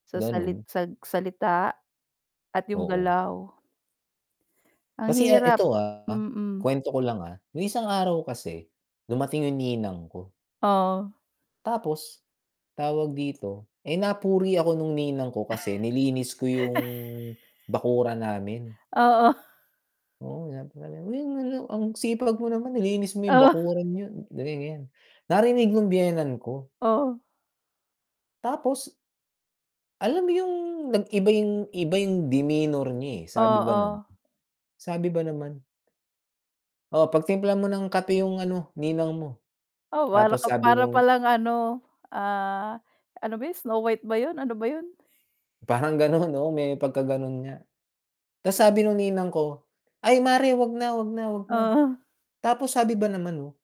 Sa salit Gano'n. sag salita at yung Oo. galaw. Ang Kasi, ah hirap, ito, ah, mm. kuwento ko lang, ah. Yung isang araw kasi dumating yung ninang ko Oo. tapos, tawag dito? Eh, napuri ako nung ninang ko kasi nilinis ko yung, bakuran namin. Oo. Oo, [unintelligible] "Ang sipag mo naman nilinis mo yung Oo. bakuran niyo." ganyan-ganyan. Narinig nung biyenan ko. Oo. Tapos alam mo yung, nag-iba yung iba yung demeanor niya, eh, sabi ba nam Oo. sabi ba naman "Oh, pagtimpla mo ng kape yung ano ninang mo." O, para ka Tapos sabi para nung palang ano, ah, ano ba 'yun, Snow White ba 'yun, ano ba 'yun? Parang gano'n, oo may pagkagano'n nga. Ta's sabi nung ninang ko, "Ay mare, 'wag na, 'wag na, 'wag na." Oo. Tapos sabi ba naman, oh